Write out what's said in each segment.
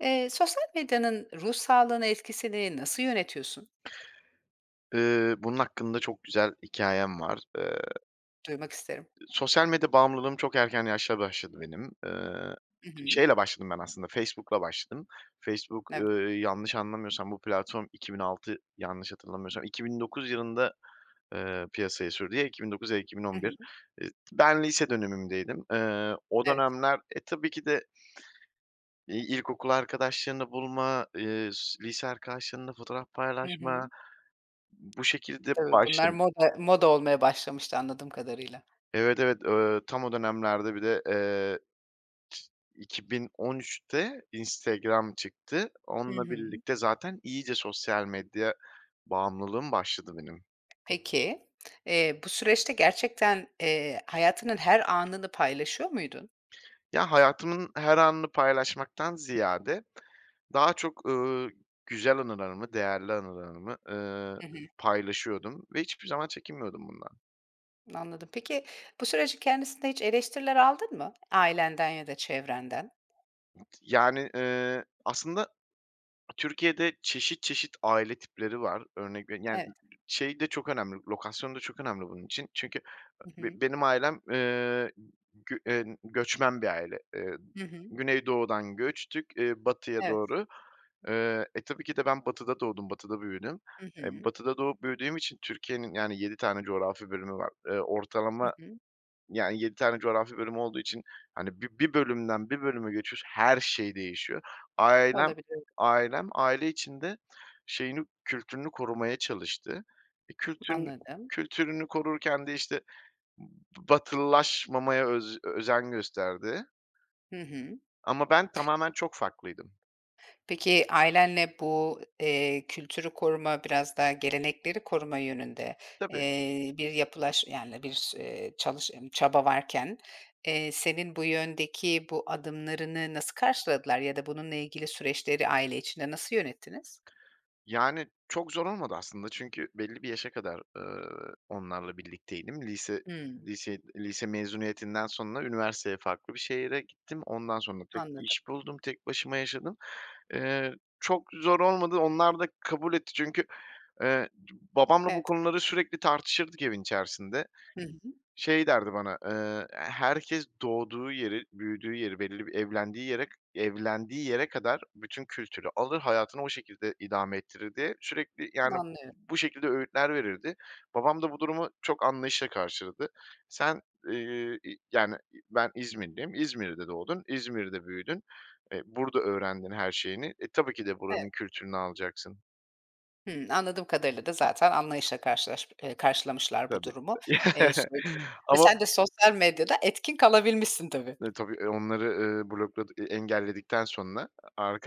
Eee, sosyal medyanın ruh sağlığına etkisini nasıl yönetiyorsun? Iıı, bunun hakkında çok güzel hikâyem var, ııı Duymak isterim. ııı, sosyal medya bağımlılığım çok erken yaşta başladı benim. Iıı, Hı hı. şeyle başladım ben aslında, Facebook'la başladım. Facebook, Evet. ııı, yanlış anlamıyorsam bu platform 2006, yanlış hatırlamıyorsam 2009 yılında, ııı, piyasaya sürdü. Ya 2009 ya da iki bin Hı on bir, hı. ııı, ben lise dönemimdeydim. Iıı, o Evet. dönemler, e, tabii ki de iii, ilkokul arkadaşlarını bulma, ııı, s lise arkadaşlarınla fotoğraf Hı hı. paylaşma, b bu şekilde Doğru, bunlar başlad moda moda olmaya başlamıştı, anladığım kadarıyla. Evet, evet. Eee, tam o dönemlerde bir de, eee, 2013'te Instagram çıktı. Hı Onunla hı. birlikte zaten iyice sosyal medya bağımlılığım başladı benim. Peki, eee, bu süreçte gerçekten, eee, hayatının her anını paylaşıyor muydun? Ya, hayatımın her anını paylaşmaktan ziyade daha çok, ııı, güzel anılarımı, değerli anılarımı, ııı, Hı hı. paylaşıyordum ve hiçbir zaman çekinmiyordum bundan. Anladım, peki, bu sürecin kendisinde hiç eleştiriler aldın mı, ailenden ya da çevrenden? Yani, ııı, aslında Türkiye'de çeşit çeşit aile tipleri var. Örnek veri yani, ı Evet. şey, de çok önemli, lokasyon da çok önemli bunun için çünkü, ııı, Hı hı. be benim ailem, ııı, gü eee, göçmen bir aile. Iıı, Hı hı. Güneydoğu'dan göçtük, ııı, batıya Evet. doğru, eee. E, tabii ki de ben Batı'da doğdum, Batı'da büyüdüm. Hı Eee, hı. Batı'da doğup büyüdüğüm için Türkiye'nin, yani, 7 tane coğrafi bölümü var, ııı, Hı ortalama, hı. yani, 7 tane coğrafi bölümü olduğu için, hani, bi bir bölümden bir bölüme geçiyorsun, her şey değişiyor. Ailem Olabilir. ailem aile içinde şeyini, kültürünü korumaya çalıştı. Bir kültün Anladım. kültürünü korurken de, işte, b batılılaşmamaya öz özen gösterdi. Hı hı. Ama ben tamamen çok farklıydım. Peki, ailenle bu, eee, kültürü koruma, biraz daha gelenekleri koruma yönünde, Tabii. eee, bir yapılaş yani, bir eee, çalış emm, çaba varken, eee, senin bu yöndeki bu adımlarını nasıl karşıladılar ya da bununla ilgili süreçleri aile içinde nasıl yönettiniz? Yani, çok zor olmadı, aslında. Çünkü belli bir yaşa kadar, ııı, onlarla birlikteydim. Lise Hımm. liseyi lise mezuniyetinden sonra üniversiteye farklı bir şehre gittim. Ondan sonra tek Anladım. iş buldum, tek başıma yaşadım, ııı, çok zor olmadı. Onlar da kabul etti çünkü, eee, babamla bu Evet. konuları sürekli tartışırdık evin içerisinde. Hı hı. Şey derdi bana, eee, "Herkes doğduğu yeri, büyüdüğü yeri, belirli bir evlendiği yere evlendiği yere kadar bütün kültürü alır, hayatını o şekilde idame ettirir." diye sürekli, yani, Anlıyorum. bu şekilde öğütler verirdi. Babam da bu durumu çok anlayışla karşıladı. Sen, ııı yani, ben İzmirliyim, İzmir'de doğdun, İzmir'de büyüdün, eee, burada öğrendin her şeyini, e, tabii ki de Evet. buranın kültürünü alacaksın. Hımm. Anladığım kadarıyla da zaten anlayışla karşılaş ııı, karşılamışlar bu Tabii durumu, eee, süreci ve ama sen de sosyal medyada etkin kalabilmişsin tabii. Eee, tabii, eee, onları, ııı, blokladı eee, engelledikten sonra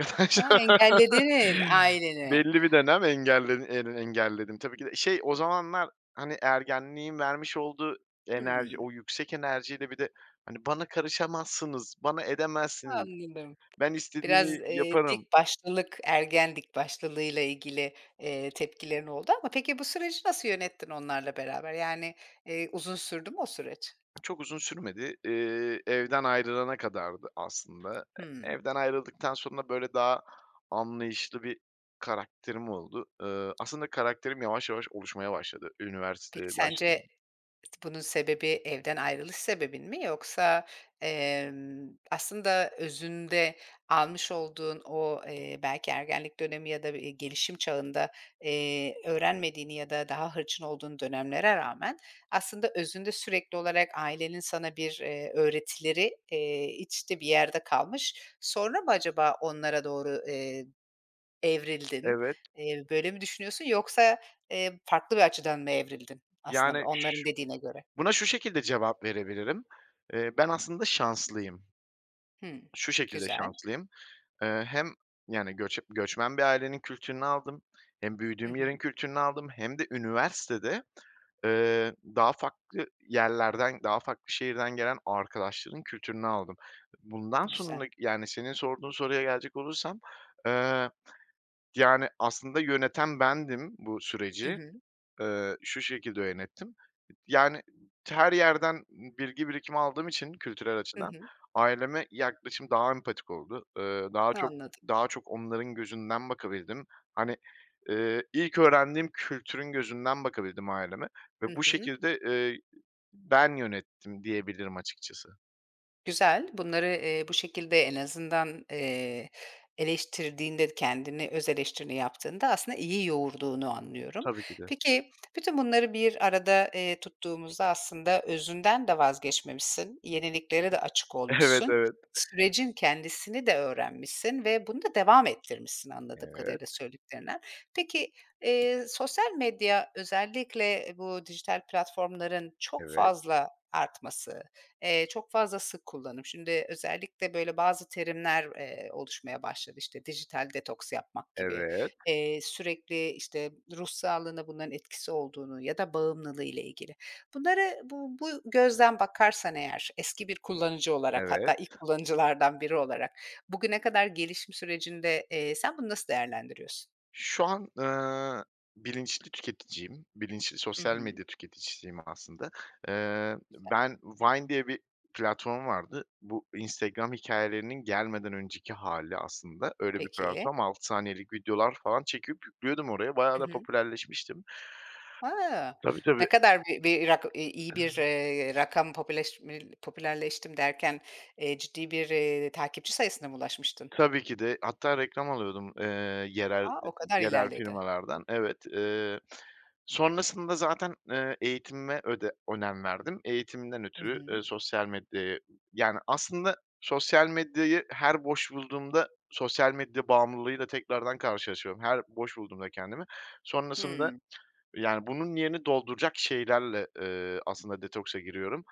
Hı hı, engelledin aileni. belli bir dönem engellen en engelledim tabii ki de. Şey, o zamanlar, hani, ergenliğin vermiş olduğu enerji, Hımm. o yüksek enerjiyle bir de, hani, bana karışamazsınız, bana edemezsiniz, Anladım. ben istediğimi Biraz, eee, yaparım dikbaşlılık, ergen dik başlılığıyla ilgili, eee, tepkilerin oldu ama peki, bu süreci nasıl yönettin onlarla beraber? Yani, eee, uzun sürdü mü o süreç? Çok uzun sürmedi. Eee, evden ayrılana kadardı, aslında. E, Hımm. evden ayrıldıktan sonra, böyle, daha anlayışlı bir karakterim oldu. Iıı, aslında karakterim yavaş yavaş oluşmaya başladı, üniversiteye Peki, başladığım sence ıs bunun sebebi evden ayrılış sebebin mi yoksa, emm, aslında özünde almış olduğun o, eee, belki ergenlik dönemi ya da, eee, gelişim çağında, eee, öğrenmediğin ya da daha hırçın olduğun dönemlere rağmen aslında özünde sürekli olarak ailenin sana bir, eee, öğretileri, eee, içte bir yerde kalmış, sonra mı acaba onlara doğru, eee, evrildin? Evet. Eee, böyle mi düşünüyorsun yoksa, eee, farklı bir açıdan mı evrildin, aslında Yani, ş onların dediğine göre? buna şu şekilde cevap verebilirim. Eee, ben aslında şanslıyım. Hımm. Şu şekilde Güzel. şanslıyım, ııı, hem, yani, göç göçmen bir ailenin kültürünü aldım, hem Hı büyüdüğüm hı. yerin kültürünü aldım, hem de üniversitede, ııı, daha farklı yerlerden, daha farklı şehirden gelen arkadaşların kültürünü aldım. Bundan Bu güzel. sonraki, yani, senin sorduğun soruya gelecek olursam, ııı, yani, aslında yöneten bendim bu Hı süreci. hı. Iıı, şu şekilde yönettim, yani, her yerden bilgi birikimi aldığım için kültürel Hı açıdan hı. aileme yaklaşım daha empatik oldu. Iıı, daha çok Anladım. daha çok onların gözünden bakabildim. Hani, ııı, ilk öğrendiğim kültürün gözünden bakabildim aileme Hı ve bu hı. şekilde, ııı, ben yönettim diyebilirim açıkçası. Güzel. Bunları, eee, bu şekilde en azından, eee, eleştirdiğinde, kendini, öz eleştirini yaptığında aslında iyi yoğurduğunu anlıyorum. Tabii ki de. Peki, bütün bunları bir arada, eee, tuttuğumuzda aslında özünden de vazgeçmemişsin, yeniliklere de açık Evet, olmuşsun, evet. sürecin kendisini de öğrenmişsin ve bunu da devam ettirmişsin, anladığım Evet. kadarıyla söylediklerinden. Peki, eee, sosyal medya, özellikle bu dijital platformların çok Evet. fazla artması, eee, çok fazla sık kullanım, şimdi özellikle, böyle, bazı terimler, eee, oluşmaya başladı. İşte, dijital detoks yapmak gibi, Evet. eee, sürekli, işte, ruh sağlığına bunların etkisi olduğunu ya da bağımlılığıyla ilgili. Bunları bu bu gözden bakarsan eğer eski bir kullanıcı olarak Evet. hatta ilk kullanıcılardan biri olarak bugüne kadar gelişim sürecinde, eee, sen bunu nasıl değerlendiriyorsun? Şu an, ııı, bilinçli tüketiciyim, bilinçli Hı sosyal hı. medya tüketicisiyim, aslında. Eee, Güzel. ben, Vine diye bir platform vardı. Bu Instagram hikayelerinin gelmeden önceki hâli aslında, öyle bir Peki. platform. 6 saniyelik videolar falan, çekip yüklüyordum oraya, bayağı Hı da hı. popülerleşmiştim. A! Tabii, Ne tabii. kadar bi bir rak i iyi bir, eee, rakam popüleşme popülerleştim derken, eee, ciddi bir, eee, takipçi sayısına mı ulaşmıştın? Tabii ki de, hatta reklam alıyordum, ııı, yerel A! O kadar yerel ilerledi. firmalardan, evet. Iıı, sonrasında zaten, eee, eğitimime öde önem verdim. Eğitimimden Hı ötürü, hı. eee, sosyal medyaya Yani, aslında sosyal medyayı her boş bulduğumda, sosyal medya bağımlılığıyla tekrardan karşılaşıyorum. Her boş bulduğumda kendimi sonrasında, Hımm. yani, bunun yerini dolduracak şeylerle, eee, aslında detoksa giriyorum.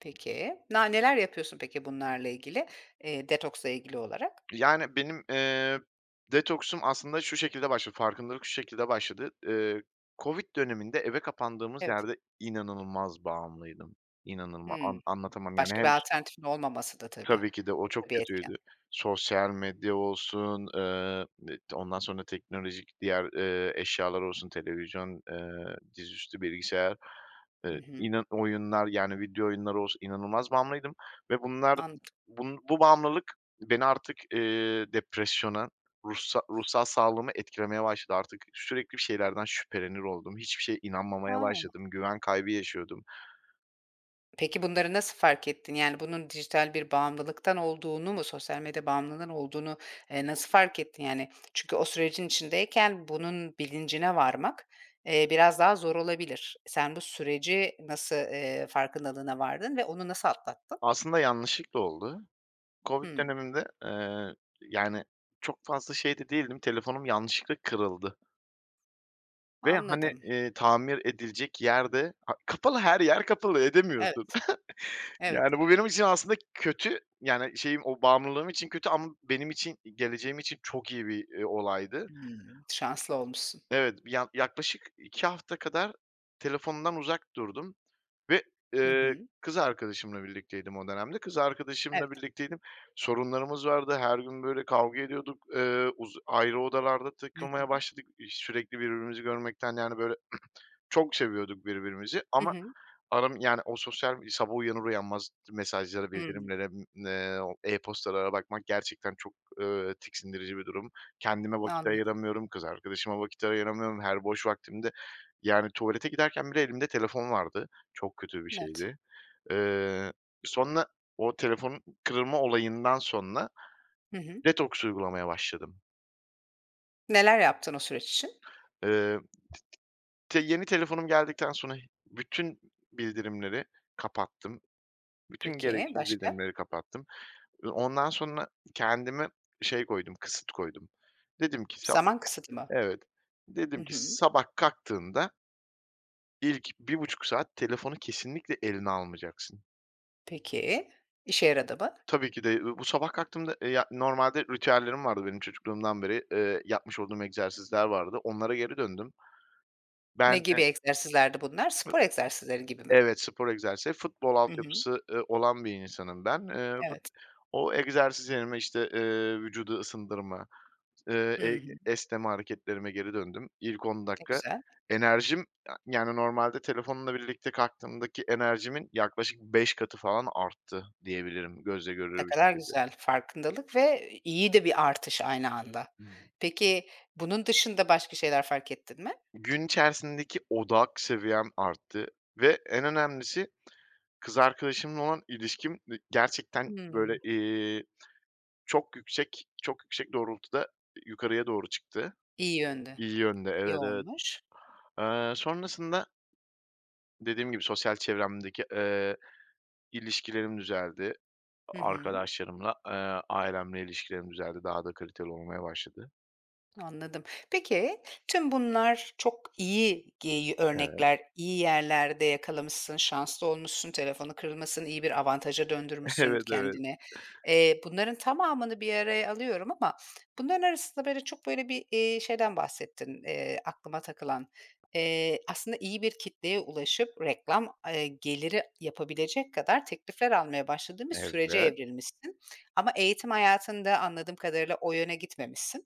Peki, na neler yapıyorsun peki, bunlarla ilgili, eee, detoksla ilgili olarak? Yani, benim, eee, detoksum aslında şu şekilde başladı, farkındalık şu şekilde başladı. Eee, COVID döneminde, eve kapandığımız Evet. yerde inanılmaz bağımlıydım, inanılma Hımm, an anlatamam, yani, başka hem bir ş alternatifin olmaması da tabii, Tabii ki de, o o da çok bir etken. kötüydü. Sosyal medya olsun, eee, [unintelligible] ondan sonra teknolojik diğer, eee, eşyalar olsun, televizyon, eee, dizüstü bilgisayar, Hı eee, hı. inan oyunlar yani, video oyunları olsun, inanılmaz bağımlıydım ve bunlar, Anladım. bun bu bağımlılık beni artık, eee, depresyona, ruhsa ruhsal sağlığımı etkilemeye başladı. Artık sürekli bir şeylerden şüphelenir oldum. Hiçbir şeye inanmamaya A! başladım. Güven kaybı yaşıyordum. Peki, bunları nasıl fark ettin? Yani, bunun dijital bir bağımlılıktan olduğunu mu, sosyal medya bağımlılığının olduğunu, eee, nasıl fark ettin yani? Çünkü o sürecin içindeyken bunun bilincine varmak, eee, biraz daha zor olabilir. Sen bu süreci nasıl, ııı, farkındalığına vardın ve onu nasıl atlattın? Aslında yanlışlıkla oldu. COVID Hımm. döneminde, ııı, yani, çok fazla şey de değildim, telefonum yanlışlıkla kırıldı ve, hani, Anladım. ııı, tamir edilecek yer de, a kapalı, her yer kapalı, edemiyorsun Evet. Evet. yani, bu benim için aslında kötü, yani, şeyim, o bağımlılığım için kötü ama benim için, geleceğim için çok iyi bir, iii, olaydı. Hımm. Şanslı olmuşsun. Evet, bir yak yaklaşık 2 hafta kadar telefondan uzak durdum ve, Hı ııı, hı. kız arkadaşımla birlikteydim o dönemde, kız arkadaşımla Evet. birlikteydim. Sorunlarımız vardı, her gün, böyle, kavga ediyorduk, ııı, uzu ayrı odalarda Hı takılmaya hı. başladık. İş sürekli birbirimizi görmekten, yani, böyle, çok seviyorduk birbirimizi Hı ama hı. aram yani, o sosyal Sabah uyanır uyanmaz mesajlara, Hımm. bildirimlere, [unintelligible] e-postalara bakmak gerçekten çok, ııı, tiksindirici bir durum. Kendime vakit Anladım. ayıramıyorum, kız arkadaşıma vakit ayıramıyorum. Her boş vaktimde, yani, tuvalete giderken bile elimde telefon vardı, çok kötü bir Net. şeydi. Iıı, sonra o telefonun kırılma olayından sonra Hı hı. detoks uygulamaya başladım. Neler yaptın o süreç için? Iıı, tı tı te yeni telefonum geldikten sonra bütün bildirimleri kapattım. Bütün Peki, gereksiz başka? bildirimleri kapattım. Iıı, ondan sonra kendime şey koydum, kısıt koydum. Dedim ki sa Zaman kısıtı mı? Evet. Hı Dedim ki hı. sabah kalktığında ilk 1,5 saat telefonu kesinlikle eline almayacaksın. Peki, işe yaradı mı? Tabii ki de, ııı, bu sabah kalktığımda, eee, yani, normalde ritüellerim vardı benim, çocukluğumdan beri, ııı, yapmış olduğum egzersizler vardı, onlara geri döndüm. Ne Ben, gibi eee egzersizlerdi bunlar? Spor egzersizleri gibi mi? Evet, spor egzersizleri. Futbol Hı hı. altyapısı, ııı, olan bir insanım ben. Iıı, fut Evet. o egzersiz yerime, işte, eee, vücudu ısındırma, ııı, Hı ey hı. esneme hareketlerime geri döndüm. İlk 10 Ne dakika güzel. enerjim yani, normalde telefonla birlikte kalktığımdaki enerjimin yaklaşık 5 katı falan arttı, diyebilirim gözle Ne görülür bir kadar şekilde. güzel farkındalık ve i iyi de bir artış aynı anda. [unintelligible] Peki, bunun dışında başka şeyler fark ettin mi? Gün içerisindeki odak seviyem arttı ve en önemlisi kız arkadaşımla olan ilişkim, ı gerçekten, Hımm. böyle, iii, çok yüksek çok yüksek doğrultuda yı yukarıya doğru çıktı. İyi yönde, İyi yönde iyi Evet, evet. olmuş. Eee, sonrasında dediğim gibi sosyal çevremdeki, eee, ilişkilerim düzeldi, Hı a hı. arkadaşlarımla, ııı, ailemle ilişkilerim düzeldi, daha da kaliteli olmaya başladı. Anladım. Peki, tüm bunlar çok iyi gey Evet. örnekler, iyi yerlerde yakalamışsın, şanslı olmuşsun, telefonun kırılmasını iyi bir avantaja döndürmüşsün Evet, evet. kendini. Eee, bunların tamamını bir araya alıyorum ama bunların arasında, böyle, çok, böyle, bir, iii, şeyden bahsettin, eee, aklıma takılan. Eee, aslında iyi bir kitleye ulaşıp, reklam, ııı, geliri yapabilecek kadar teklifler almaya başladığın bir sürece Evet. evrilmişsin ama eğitim hayatında anladığım kadarıyla o yöne gitmemişsin.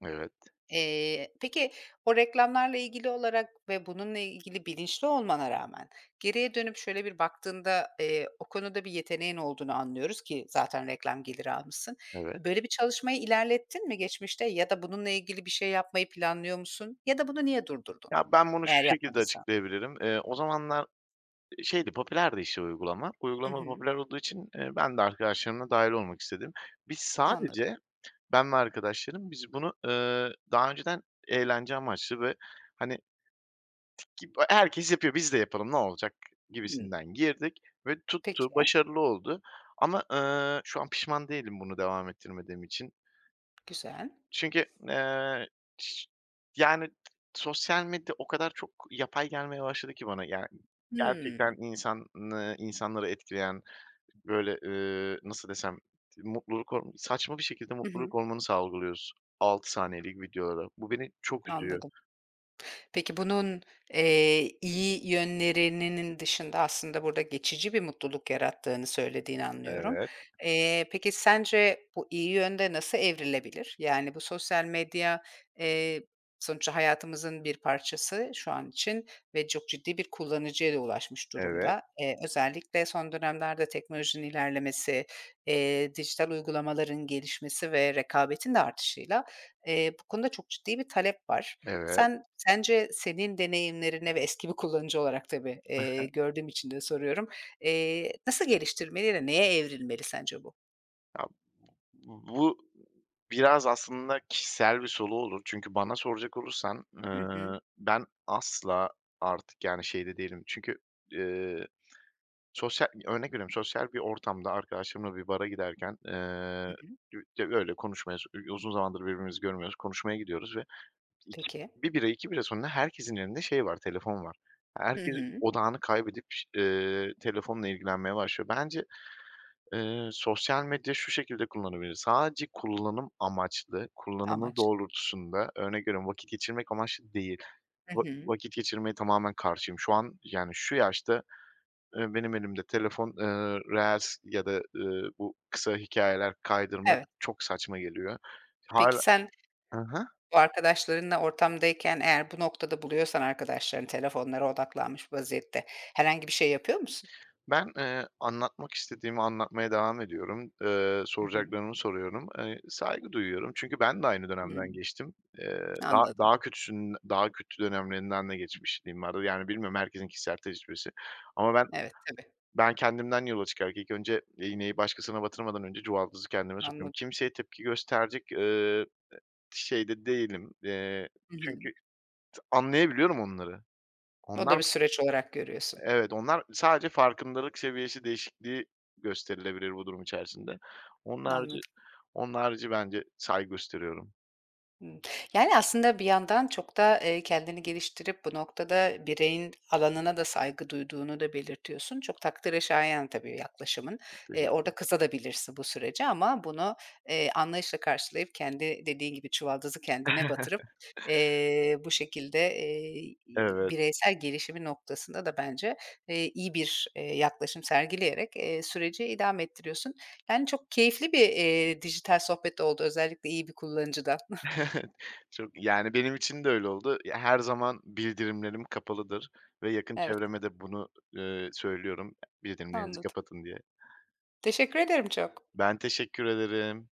Evet. Eee, peki, o reklamlarla ilgili olarak ve bununla ilgili bilinçli olmana rağmen geriye dönüp, şöyle bir baktığında, eee, o konuda bir yeteneğin olduğunu anlıyoruz ki zaten reklam geliri almışsın. Evet. Böyle bir çalışmayı ilerlettin mi, geçmişte ya da bununla ilgili bir şey yapmayı planlıyor musun ya da bunu niye durdurdun, Ya, ben bunu eğer şu şekilde yapmadıysan? açıklayabilirim. Iıı, o zamanlar, ııı, şeydi, popülerdi, işte, uygulama. Hı Uygulama da hı. popüler olduğu için, ııı, ben de arkadaşlarımla dâhil olmak istedim. Biz Anladım. sadece, ben ve arkadaşlarım, biz bunu, ııı, daha önceden eğlence amaçlı ve, hani gibi herkes yapıyor, biz de yapalım, ne olacak Hıı. gibisinden girdik ve tuttu, Peki. başarılı oldu ama, ııı, şu an pişman değilim bunu devam ettirmediğim için. Güzel. Çünkü, eee, şı yani, sosyal medya o kadar çok yapay gelmeye başladı ki bana, yani, gerçekten Hmm. insanı insanları etkileyen, böyle, ııı, nasıl desem, tı mutluluk hor saçma bir şekilde Hı mutluluk hı. hormonu salgılıyoruz 6 saniyelik videolara. Bu beni çok üzüyor. Anladım. Peki, bunun, eee, iyi yönlerinin dışında aslında burada geçici bir mutluluk yarattığını söylediğini anlıyorum. Evet. Eee, peki, sence bu iyi yönde nasıl evrilebilir? Yani, bu sosyal medya, eee, sonuçta hayatımızın bir parçası şu an için ve çok ciddi bir kullanıcıya da ulaşmış Evet. durumda. Eee, özellikle son dönemlerde teknolojinin ilerlemesi, eee, dijital uygulamaların gelişmesi ve rekabetin de artışıyla, eee, bu konuda çok ciddi bir talep var. Evet. Sen sence, senin deneyimlerine ve eski bir kullanıcı olarak tabii, Hı eee, hı. gördüğüm için de soruyorum, eee, nasıl geliştirmeli ve neye evrilmeli sence bu? Ya, b bu bu biraz aslında kişisel bir soru olur çünkü bana soracak olursan, Hı hı. eee, ben asla artık, yani, şeyde değilim. Çünkü, eee, sosyal örnek veriyorum, sosyal bir ortamda arkadaşlarımla bir bara giderken, Hı eee, hı. [unintelligible] öyle konuşmayız, u uzun zamandır birbirimizi görmüyoruz, konuşmaya gidiyoruz ve iki Peki. 1 bira, 2 bira sonunda herkesin elinde, şey, var, telefon var. Hı Herkes hı. odağını kaybedip ş eee, telefonla ilgilenmeye başlıyor. Bence, eee, sosyal medya şu şekilde kullanılabilir, sadece kullanım amaçlı, kullanımı Amaç. doğrultusunda. Örnek veriyorum, vakit geçirmek amaçlı değil, Hı va hı. vakit geçirmeye tamamen karşıyım. Şu an, yani, şu yaşta, eee, benim elimde telefon, eee, reels ya da, ııı, bu kısa hikâyeler kaydırmak Evet. çok saçma geliyor. Peki, Hâlâ sen Hı hı. bu arkadaşlarınla ortamdayken, eğer bu noktada buluyorsan arkadaşlarını telefonlara odaklanmış vaziyette, herhangi bir şey yapıyor musun? Ben, eee, anlatmak istediğimi anlatmaya devam ediyorum. Eee, Hı hı. soracaklarımı soruyorum. Eee, saygı duyuyorum çünkü ben de aynı dönemden Hımm. geçtim. Eee, daha Anladım. daha kötüsünün, daha kötü dönemlerinden de geçmişliğim var, yani, bilmiyorum herkesin kişisel tecrübesi ama ben Evet, tabii. ben kendimden yola çıkarak ilk önce iğneyi başkasına batırmadan önce çuvaldızı kendime sokuyorum. Anladım. Kimseye tepki gösterecek, eee, şeyde değilim, eee, Hı çünkü hı. t anlayabiliyorum onları. O da Onlar bir süreç olarak görüyorsun. Evet, onlar sadece farkındalık seviyesi değişikliği gösterilebilir bu durum içerisinde. Onun harici Anladım. onun harici bence saygı gösteriyorum. Hımm, yani, aslında bir yandan çok da, ııı, kendini geliştirip bu noktada bireyin alanına da saygı duyduğunu da belirtiyorsun. Çok takdire şayan tabii yaklaşımın. Iıı, orada Teşekkürler. kızabilirsin de bu sürece ama bunu, eee, anlayışla karşılayıp, kendi dediğin gibi çuvaldızı kendine batırıp, eee, bu şekilde, eee, Evet. bireysel gelişimi noktasında da bence, eee, iyi bir, eee, yaklaşım sergileyerek, eee, süreci idame ettiriyorsun. Yani, çok keyifli bir, eee, dijital sohbet oldu, özellikle iyi bir kullanıcıdan. Çok Yani, benim için de öyle oldu. Ya her zaman bildirimlerim kapalıdır ve yakın Evet. çevreme de bunu, eee, söylüyorum, bildirimlerinizi Anladım. kapatın diye. Teşekkür ederim çok. Ben teşekkür ederim.